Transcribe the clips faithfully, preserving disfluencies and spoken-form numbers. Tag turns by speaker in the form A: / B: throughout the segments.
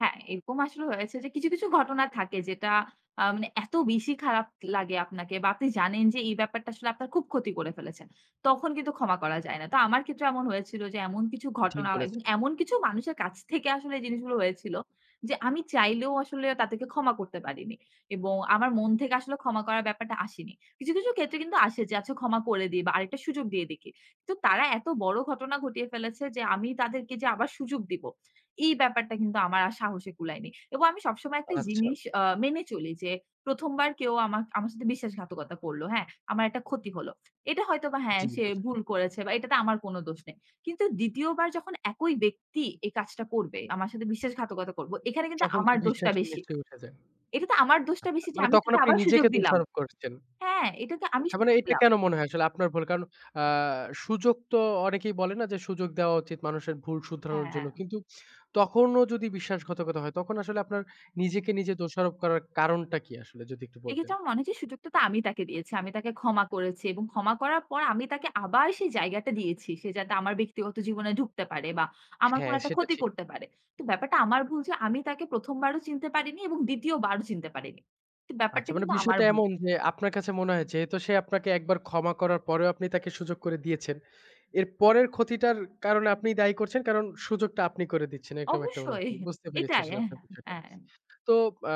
A: হ্যাঁ, এরকম আসলে হয়েছে যে কিছু, কিছু ঘটনা থাকে যেটা আ মানে এত বেশি খারাপ লাগে আপনাকে বা আপনি জানেন যে এই ব্যাপারটা আসলে আপনার খুব ক্ষতি করে ফেলেছেন। তখন কিন্তু ক্ষমা করা যায় না। তো আমার ক্ষেত্রে এমন হয়েছিল যে এমন কিছু
B: ঠিক
A: ঘটনা এবং
B: বলেছেন।
A: এমন কিছু মানুষের কাছ থেকে আসলে এই জিনিসগুলো হয়েছিল যে আমি চাইলেও আসলে তাদেরকে ক্ষমা করতে পারিনি। এবং আমার মন থেকে আসলে ক্ষমা করার ব্যাপারটা আসেনি। কিছু, কিছু ক্ষেত্রে কিন্তু আসে যে আচ্ছা ক্ষমা করে দিই বা আরেকটা সুযোগ দিয়ে দেখি। তো তারা এত বড় ঘটনা ঘটিয়ে ফেলেছে যে আমি তাদেরকে যে আবার সুযোগ দিব। এই ব্যাপারটা কিন্তু আমার আর সাহসে কুলায়নি। এবং আমি সবসময় একটা
B: আচ্ছা।
A: জিনিস আ মেনে চলি যে প্রথম, বার কেউ আমাক আমার সাথে বিশ্বাসঘাতকতা করল। হ্যাঁ, আমার একটা ক্ষতি হল। এটা হয়তো বা হ্যাঁ,
B: জি,
A: সে
B: বোঝান।
A: ভুল করেছে বা এটাতে আমার কোন দোষ নেই। কিন্তু দ্বিতীয় বার যখন একই ব্যক্তি এই কাজটা করবে, আমার সাথে বিশ্বাসঘাতকতা করব। এখানে কিন্তু
B: তখন তো
A: আমার দোষটা
B: বিশ্বাসটা
A: বেশি।
B: নিশ্চয়ই উঠে যায়।
A: এটা তো আমার দোষটা
B: আচ্ছা
A: বেশি যে
B: মানে
A: আমি
B: তখন
A: তাকে
B: আপনি
A: আবার সুযোগ
B: নিজেকে
A: দিলাম।
B: দোষারোপ করছেন।
A: হ্যাঁ, এটা তো আমি
B: আচ্ছা মানে
A: সুযোগ
B: এইটা
A: দিলাম।
B: কেন মনে হয় আসলে আপনার ভুল কারণ আ সুযোগ তো অনেকেই বলে না যে সুযোগ দেওয়া উচিত মানুষের ভুল শুধরানোর জন্য।
A: হ্যাঁ।
B: কিন্তু তখনও যদি বিশ্বাসঘাতকতা হয় তখন আসলে আপনার নিজেকে নিজে দোষারোপ করার কারণটা কি আসলে যদি একটু বলতেন?
A: এক্ষেত্রে আমার মনে হয়েছে সুযোগটা তো আমি তাকে দিয়েছি। আমি তাকে ক্ষমা করেছি এবং ক্ষমা করার পর আমি তাকে আবার সেই জায়গাটা দিয়েছি। সে যাতে আমার ব্যক্তিগত জীবনে ঢুকতে পারে বা আমার কোন
B: হ্যাঁ,
A: একটা
B: সেটা
A: ক্ষতি
B: ঠিক।
A: করতে পারে। তো ব্যাপারটা আমার ভুল যে আমি তাকে প্রথম, বারও চিনতে পারিনি এবং দ্বিতীয় বারও চিনতে পারিনি। তো ব্যাপারটা
B: আচ্ছা মানে
A: কিন্তু আমার
B: বিষয়টা
A: ভুল।
B: এমন যে আপনার কাছে মনে হয় যে যেহেতু সে আপনাকে একবার ক্ষমা করার পরেও আপনি তাকে সুযোগ করে দিয়েছেন। এর পরের ক্ষতিটার কারণে আপনি দায়ী করছেন কারণ সুযোগটা আপনি করে দিচ্ছেন এরকম একটা
A: অবশ্যই
B: অনুভূতি। বুঝতে পেরেছি
A: এটাই।
B: আসলে
A: অ্যা হ্যাঁ।
B: আপনার বিষয়টা।
A: অ্যা
B: তো আ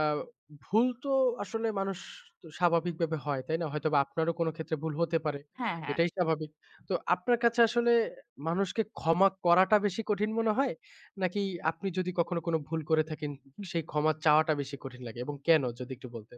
B: ভুল তো আসলে মানুষ স স্বাভাবিকভাবে হয় তাই না? হয়তোবা আপনারও কোন ক্ষেত্রে ভুল হতে পারে।
A: হ্যাঁ, হ্যাঁ।
B: এটাই স্বাভাবিক। তো আপনার কাছে আসলে মানুষকে ক্ষমা করাটা বেশি কঠিন মনে হয়? নাকি আপনি যদি কখনো কোন ভুল করে থাকেন
A: হুম,
B: সেই
A: হুম।
B: ক্ষমা চাওয়াটা বেশি কঠিন লাগে এবং কেন যদি একটু বলতেন।